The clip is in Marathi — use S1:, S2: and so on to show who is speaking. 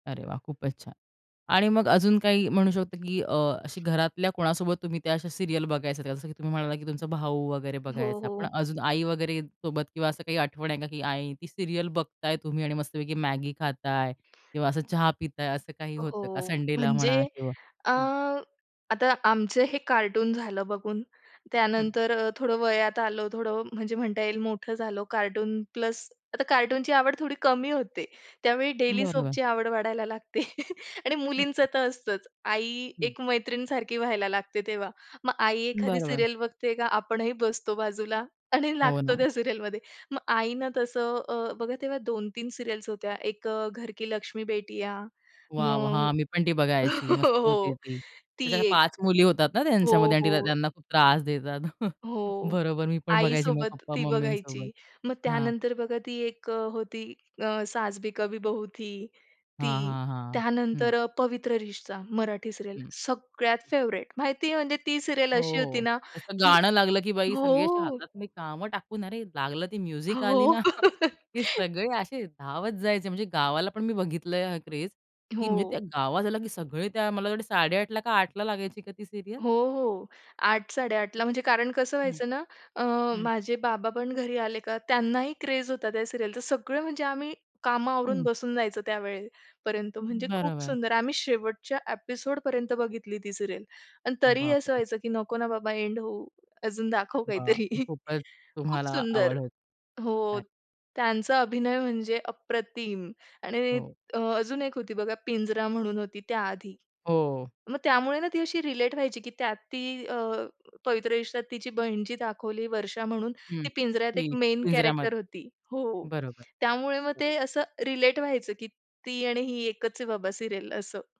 S1: अरे वाह! खूपच छान. आणि मग अजून काही म्हणू शकतो की अ, अशी घरातल्या कोणासोबत तुम्ही त्या अशा सीरियल बघायचात जसं की तुम्ही म्हणालात की तुमचा भाऊ वगैरे
S2: हो,
S1: बघायचा, पण
S2: हो.
S1: अजून आई वगैरे सोबत किंवा असं काही आठवण आहे का? की आई ती सीरियल बघताय तुम्ही आणि मस्तपैकी Maggi खाताय किंवा असं चहा पिताय असं काही होतं का
S2: हो.
S1: संडेला म्हणा
S2: म्हणजे
S1: किंवा
S2: अ,
S1: हं?
S2: आता आमचं हे कार्टून झालं बघून
S1: हं.
S2: त्यानंतर अ, थोडं वयात आलो, थोडं म्हणजे म्हणता येईल मोठं झालो. कार्टून प्लस आता कार्टूनची आवड थोडी कमी होते, त्यावेळी डेली
S1: बरोबर.
S2: सोपची आवड वाढायला लागते. आणि
S1: हं,
S2: मुलींचं
S1: हं.
S2: तर असतंच आई
S1: हं.
S2: एक मैत्रीण सारखी व्हायला लागते तेव्हा. मग आई एखादी
S1: बरोबर.
S2: सीरियल बघते का आपणही बसतो बाजूला आणि
S1: हो
S2: लागतो
S1: ना.
S2: त्या सीरियलमध्ये मग आईना तसं अ, बघा तेव्हा 2-3 सीरियल्स होत्या. एक अ, "घर की लक्ष्मी बेटियां."
S1: वॉव. हां
S2: मग
S1: मी पण ती बघायची मस्त होती
S2: हो.
S1: ती,
S2: ती
S1: त्याच्या
S2: एक.
S1: 5 मुली होतात ना, त्यांच्या मध्ये
S2: हो,
S1: आणि तिला
S2: हो.
S1: त्यांना खूप त्रास देतात.
S2: हो.
S1: बरोबर, मी पण बघायची मग
S2: आईसोबत ती
S1: पप्पा-मम्मीसोबत.
S2: बघायची. मग
S1: हां.
S2: त्यानंतर बघा ती एक अ, होती, अ, "सास भी कभी बहू थी" ती,
S1: हां, हां, हां. हं.
S2: त्यानंतर अ, "पवित्र रिश्ता" मराठी सीरियल
S1: हं.
S2: सगळ्यात फेव्हरेट माहिती आहे, म्हणजे ती सीरियल
S1: हो,
S2: अशी होती
S1: हो.
S2: ना,
S1: त्याचं
S2: की
S1: गाणं लागलं की बाई सगळे अशी
S2: हो.
S1: हातातले कामं टाकून अरे लागलं ती म्युझिक आली
S2: हो.
S1: ना, की सगळे असे धावत जायचे म्हणजे गावाला पण मी बघितलंय हा क्रेज. की मी त्या
S2: हो.
S1: गावात आले की सगळे त्या मला वाटतं 8.30 का 8.00 लागायची का ती सीरियल?
S2: हो, हो. 8 8.30 म्हणजे कारण कसं
S1: हं,
S2: व्हायचं ना, अ,
S1: हं.
S2: माझे बाबापण घरी आले का त्यांना ही क्रेज होता, त्या सिरियलचा सगळं म्हणजे आम्ही कामं आवरून
S1: हं.
S2: बसून जायचं त्यावेळे पर्यंत, म्हणजे खूप
S1: बरोबर.
S2: सुंदर आम्ही शेवटच्या एपिसोडपर्यंत बघितली ती सीरियल पण तरीही
S1: बाप
S2: असं
S1: रे!
S2: व्हायचं, की नको ना बाबा एंड होऊ अजून दाखव
S1: वाह!
S2: काहीतरी.
S1: खूपच
S2: खूप
S1: तुम्हाला
S2: सुंदर.
S1: आवड होती.
S2: हो.
S1: अच्छा.
S2: त्यांचा अभिनय म्हणजे अप्रतिम आणि
S1: हो.
S2: अ, अजून एक होती बघा "पिंजरा" म्हणून होती त्याआधी.
S1: हो.
S2: मग त्यामुळे ना, ती अशी रिलेट व्हायची की त्यात ती अ, "पवित्र रिश्त्यात" तिची बहिण जी दाखवली वर्षा म्हणून
S1: हं.
S2: ती "पिंजऱ्यात" एक
S1: ती
S2: मेन कॅरेक्टर
S1: पिंजऱ्यामध्ये.
S2: होती. हो.
S1: बरोबर.
S2: त्यामुळे मग
S1: बरोबर.
S2: ते असं रिलेट व्हायचं की ती आणि ही एकच आहे बाबा सीरियल असं.